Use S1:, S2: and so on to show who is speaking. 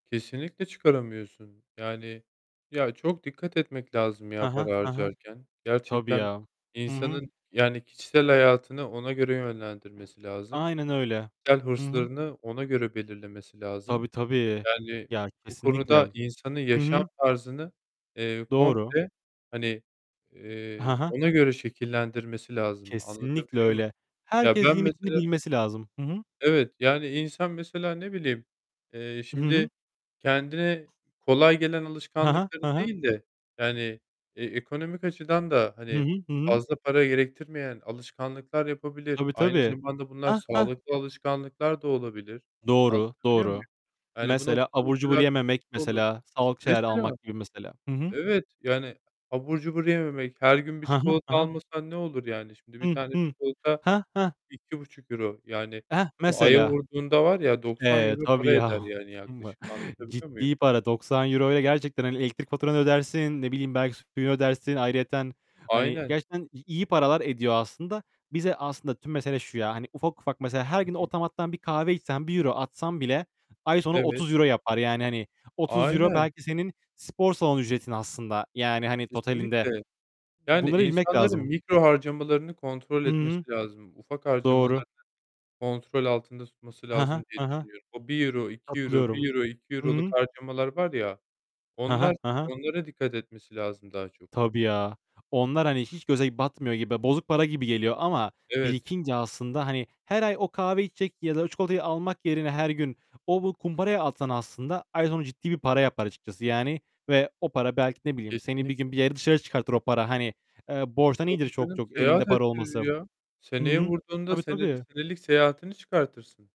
S1: Kesinlikle çıkaramıyorsun. Yani, ya, çok dikkat etmek lazım
S2: Hı
S1: ya,
S2: hı.
S1: para
S2: Hı hı.
S1: harcarken,
S2: Tabii
S1: gerçekten
S2: ya. Hı hı.
S1: insanın, yani, kişisel hayatını ona göre yönlendirmesi lazım.
S2: Aynen öyle.
S1: Kişisel
S2: Hı hı.
S1: hırslarını ona göre belirlemesi lazım.
S2: Tabii tabii.
S1: Yani,
S2: Ya,
S1: bu
S2: kesinlikle.
S1: konuda insanı
S2: Hı
S1: yaşam
S2: hı.
S1: tarzını, eee,
S2: Doğru.
S1: komple, eee, hani,
S2: Hı
S1: eee,
S2: hı.
S1: ona göre şekillendirmesi lazım
S2: Kesinlikle
S1: anlatabiliyor muyum?
S2: öyle.
S1: Ya
S2: Herkes
S1: ben
S2: limitini
S1: mesela
S2: bilmesi lazım. Hı hı.
S1: Evet, yani, insan mesela ne bileyim, eee,
S2: Hı hı.
S1: şimdi kendine kolay gelen
S2: Hı hı.
S1: alışkanlıkları
S2: Hı hı.
S1: değil de, yani, eee, ekonomik açıdan da,
S2: Hı
S1: hani,
S2: hı. Hı hı.
S1: fazla para gerektirmeyen alışkanlıklar yapabilir.
S2: Tabii
S1: Aynı
S2: tabii.
S1: zamanda bunlar
S2: Heh, heh.
S1: sağlıklı alışkanlıklar da olabilir.
S2: Doğru.
S1: Anlatabiliyor muyum?
S2: Doğru.
S1: Yani, bu
S2: Mesela
S1: noktada
S2: abur cubur
S1: mesela bir
S2: yememek
S1: nokta olur.
S2: mesela. Sağlık şeyler
S1: Mesele,
S2: almak gibi mesela. Hı hı.
S1: evet, yani, abur cubur yememek, her gün bir
S2: Hı hı. Hı
S1: çikolata
S2: hı.
S1: almasan ne olur yani? Şimdi bir
S2: Hı,
S1: tane
S2: hı.
S1: çikolata
S2: He, he.
S1: €2,5. Yani,
S2: Heh,
S1: bunu aya
S2: mesela.
S1: vurduğunda var ya doksan
S2: Eee,
S1: euro
S2: tabii
S1: para
S2: ya.
S1: eder, yani, yaklaşık
S2: [unintelligible]
S1: anlatabiliyor muyum?
S2: Ciddi para. €90'ya gerçekten elektrik faturanı ödersin. Ne bileyim belki [unintelligible] ödersin ayrıyeten. Hani,
S1: Aynen.
S2: gerçekten i iyi paralar ediyor aslında. Bize aslında tüm mesele şu ya, hani ufak ufak mesela her
S1: Hı
S2: gün
S1: hı.
S2: otomattan 1 kahve içsen, €1 atsan bile ay sonu
S1: Evet.
S2: €30 yapar. Yani, hani, €30
S1: Aynen.
S2: belki senin spor salonu ücretin aslında. Yani, hani, totalinde.
S1: Kesinlikle. Yani,
S2: Bunları bilmek
S1: insanların
S2: lazım.
S1: mikro harcamalarını kontrol
S2: Hı hı.
S1: etmesi lazım. Ufak harcamalarını
S2: Doğru.
S1: kontrol altında tutması
S2: Hı
S1: lazım
S2: hı.
S1: diye
S2: Hı hı.
S1: düşünüyorum. O €1, €2,
S2: Katılıyorum.
S1: €1, iki
S2: Hı
S1: euroluk,
S2: hı.
S1: harcamalar var ya,
S2: Hı hı.
S1: onlar
S2: Hı hı.
S1: onlara dikkat etmesi lazım daha çok.
S2: Tabii ya. Onlar, hani, hiç göze batmıyor gibi. Bozuk para gibi geliyor ama
S1: Evet.
S2: birikince aslında, hani, her ay o kahveyi içecek ya da o çikolatayı almak yerine her gün o bu kumbaraya atsan aslında ay sonu ciddi bir para yapar açıkçası, yani, ve o para belki ne bileyim seni bir gün
S1: Kesinlikle.
S2: bir yere dışarı çıkartır o para. Hani, eee, borçtan iyidir
S1: Tabii
S2: çok
S1: canım.
S2: çok elinde
S1: Seyahat
S2: para olması.
S1: ettirir ya,
S2: Hı
S1: seneye
S2: hı.
S1: vurduğunda
S2: Tabii,
S1: senede
S2: tabii.
S1: senelik seyahatini çıkartırsın.